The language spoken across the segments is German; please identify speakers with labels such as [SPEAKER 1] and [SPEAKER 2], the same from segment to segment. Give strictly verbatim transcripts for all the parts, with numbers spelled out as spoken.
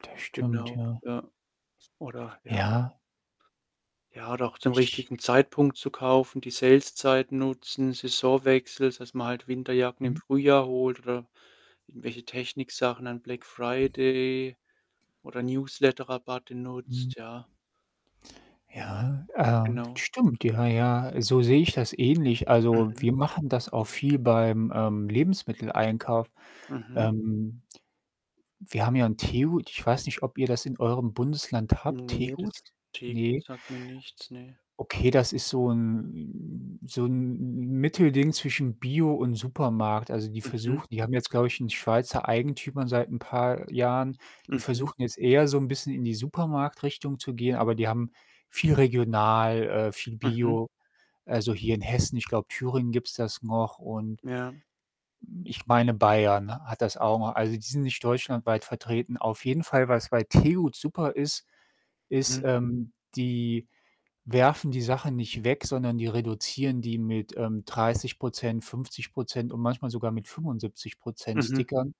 [SPEAKER 1] Das stimmt,
[SPEAKER 2] Genau,
[SPEAKER 1] ja.
[SPEAKER 2] ja. Oder ja, ja
[SPEAKER 1] Ja.
[SPEAKER 2] Ja, oder auch zum
[SPEAKER 1] Ich
[SPEAKER 2] richtigen Zeitpunkt zu kaufen, die Saleszeit nutzen, Saisonwechsel, dass man halt Winterjacken im
[SPEAKER 1] Mhm.
[SPEAKER 2] Frühjahr holt oder irgendwelche Techniksachen, dann Black Friday, oder Newsletterrabatte
[SPEAKER 1] Mhm.
[SPEAKER 2] nutzt, ja.
[SPEAKER 1] Ja, äh,
[SPEAKER 2] Genau.
[SPEAKER 1] stimmt, ja, ja. So sehe ich das ähnlich. Also,
[SPEAKER 2] Mhm.
[SPEAKER 1] wir machen das auch viel beim, ähm, Lebensmitteleinkauf.
[SPEAKER 2] Mhm.
[SPEAKER 1] Ähm, wir haben ja 'n Tegut. Ich weiß nicht, ob ihr das in eurem Bundesland habt.
[SPEAKER 2] Ne,
[SPEAKER 1] Tegut?
[SPEAKER 2] das Tegut
[SPEAKER 1] Ne.
[SPEAKER 2] sagt mir nichts, ne.
[SPEAKER 1] Okay, das ist so 'n so 'n Mittelding zwischen Bio und Supermarkt. Also, die
[SPEAKER 2] Mhm.
[SPEAKER 1] versuch die haben jetzt, glaube ich, 'n schweizer Eigentümer seit 'n paar Jahren. Die
[SPEAKER 2] Mhm.
[SPEAKER 1] versuchten jetzt eher so 'n bisschen in die Supermarktrichtung zu gehen, aber die haben viel regional, äh, viel
[SPEAKER 2] Mhm.
[SPEAKER 1] bio. Also, hier in Hessen ich glaube, Thüringen gibt's das noch und
[SPEAKER 2] Ja.
[SPEAKER 1] hm, ich meine Bayern, hat das auch noch. Also, die sind nicht deutschlandweit vertreten. Auf jeden Fall, was bei Tegut super ist, ist,
[SPEAKER 2] Mhm.
[SPEAKER 1] ähm, die werfen die Sachen nicht weg, sondern die reduzieren die mit, ähm, dreißig Prozent, fünfzig Prozent und manchmal sogar mit fünfundsiebzig Prozent
[SPEAKER 2] Mhm.
[SPEAKER 1] Stickern.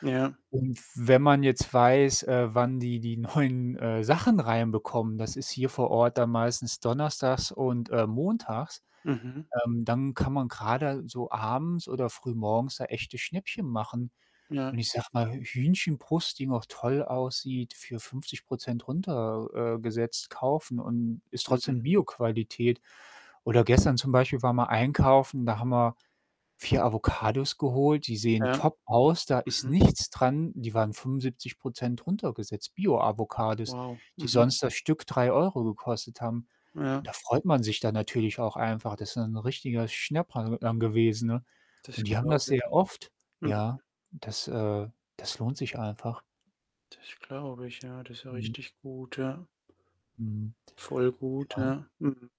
[SPEAKER 2] Ja.
[SPEAKER 1] Und f wenn man jetzt weiß, äh, wann die die neuen, äh, Sachen reinbekommen, das ist hier vor Ort dann meistens donnerstags und, äh, montags,
[SPEAKER 2] Mhm.
[SPEAKER 1] ähm, dann kann man grade so abends oder frühmorgens da echte Schnäppchen machen
[SPEAKER 2] Ja.
[SPEAKER 1] und ich sage mal, H Hühnchenbrust, die noch toll aussieht, für fünfzig Prozent runter äh, gesetzt kaufen und ist
[SPEAKER 2] Mhm.
[SPEAKER 1] trotzdem Bioqualität. Oder gestern zum Beispiel waren wir einkaufen, da haben wir vier Avocados geholt, die sehen
[SPEAKER 2] Ja.
[SPEAKER 1] top aus, da ist
[SPEAKER 2] Mhm.
[SPEAKER 1] nichts dran. Die waren fünfundsiebzig Prozent runtergesetzt. Bioavocados,
[SPEAKER 2] Wow.
[SPEAKER 1] die
[SPEAKER 2] Mhm.
[SPEAKER 1] sonst das Stück drei Euro gekostet haben und
[SPEAKER 2] Ja.
[SPEAKER 1] da freut man sich dann natürlich auch einfach. Das ist dann 'n richtiger Schnäpper, ähm, gewesen, ne,
[SPEAKER 2] Das
[SPEAKER 1] und die haben das
[SPEAKER 2] glaube
[SPEAKER 1] sehr
[SPEAKER 2] ich.
[SPEAKER 1] oft.
[SPEAKER 2] Mhm.
[SPEAKER 1] Ja? Das, äh das lohnt sich einfach.
[SPEAKER 2] Das glaube ich, ja. Das ist ja
[SPEAKER 1] Mhm.
[SPEAKER 2] richtig gut, ja.
[SPEAKER 1] Mhm.
[SPEAKER 2] Voll gut,
[SPEAKER 1] Ja.
[SPEAKER 2] ja. Mhm.